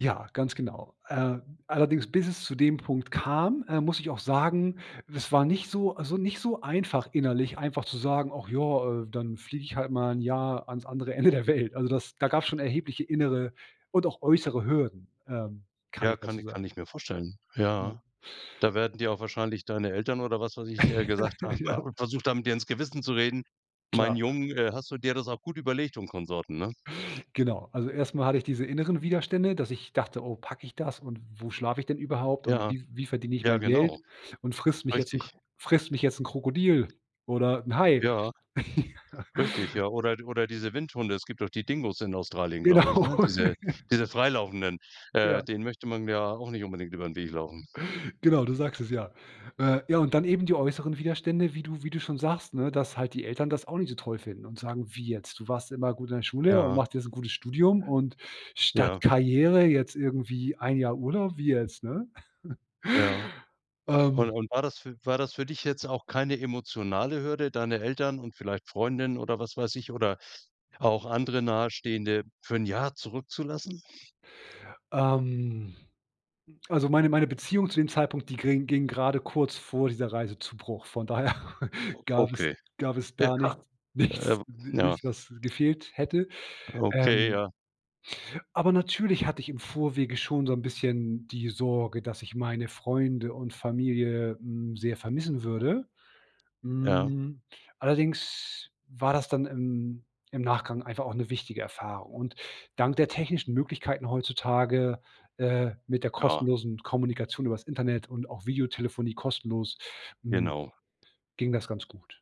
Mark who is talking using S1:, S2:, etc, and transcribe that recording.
S1: Ja, ganz genau. Äh, allerdings, bis es zu dem Punkt kam, äh, muss ich auch sagen, das war nicht so also, nicht so einfach innerlich einfach zu sagen: „Och ja, äh, dann fliege ich halt mal 'n Jahr ans andere Ende der Welt.“ Also, das da gab's schon erhebliche innere und auch äußere Hürden, ähm, kann
S2: Ja,
S1: ich dazu
S2: kann
S1: sagen.
S2: kann ich mir vorstellen.
S1: Ja.
S2: Ja, da werden dir auch wahrscheinlich deine Eltern oder was weiß ich, äh, gesagt haben
S1: Ja.
S2: und versucht haben, dir ins Gewissen zu reden: „Meinen
S1: Klar.
S2: Jungen, äh, hast du dir das auch gut überlegt?“ und Konsorten, ne?
S1: Genau, also, erst mal hatte ich diese inneren Widerstände, dass ich dachte: „Oh, packe ich das und wo schlafe ich denn überhaupt und
S2: Ja.
S1: wie wie verdiene ich
S2: Ja,
S1: mein Geld
S2: genau.
S1: und frisst mich jetzt 'n Kr
S2: Richtig.
S1: frisst mich jetzt 'n Krokodil oder 'n Hai.“
S2: Ja.
S1: Ja.
S2: Richtig, ja. Oder oder diese Windhunde. Es gibt doch die Dingos in Australien, glaube ich,
S1: Genau.
S2: ne? Diese diese freilaufenden,
S1: Ja.
S2: äh, denen möchte man ja auch nicht unbedingt über 'n Weg laufen.
S1: Genau, du sagst es, ja. Äh, ja, und dann eben die äußeren Widerstände, wie du wie du schon sagst, ne, dass halt die Eltern das auch nicht so toll finden und sagen: „Wie jetzt, du warst immer gut in der Schule und
S2: Ja.
S1: machst jetzt 'n gutes Studium und statt
S2: Ja.
S1: Karriere jetzt irgendwie 1 Jahr Urlaub, wie jetzt,“ ne?
S2: Ja. Und
S1: Ähm
S2: und war das fü war das für dich jetzt auch keine emotionale Hürde, deine Eltern und vielleicht Freundin oder, was weiß ich, oder auch andere Nahestehende für 1 Jahr zurückzulassen?
S1: Ähm, also, meine meine Beziehung zu dem Zeitpunkt, die ging- ging gerade kurz vor dieser Reise zu Bruch. Von daher
S2: O
S1: gab es
S2: okay.
S1: gab es
S2: Ja.
S1: gar nichts nichts
S2: Äh,
S1: ni
S2: ja.
S1: nicht was gefehlt hätte.
S2: Okay,
S1: Ähm
S2: ja.
S1: Aber natürlich hatte ich im Vorwege schon so 'n bisschen die Sorge, dass ich meine Freunde und Familie, hm, sehr vermissen würde.
S2: Ja.
S1: Hm, allerdings war das dann im im Nachgang einfach auch 'ne wichtige Erfahrung. Und dank der technischen Möglichkeiten heutzutage, äh, mit der
S2: Ja.
S1: kostenlosen Kommunikation übers Internet und auch Videotelefonie kostenlos, hm,
S2: Genau.
S1: ging das ganz gut.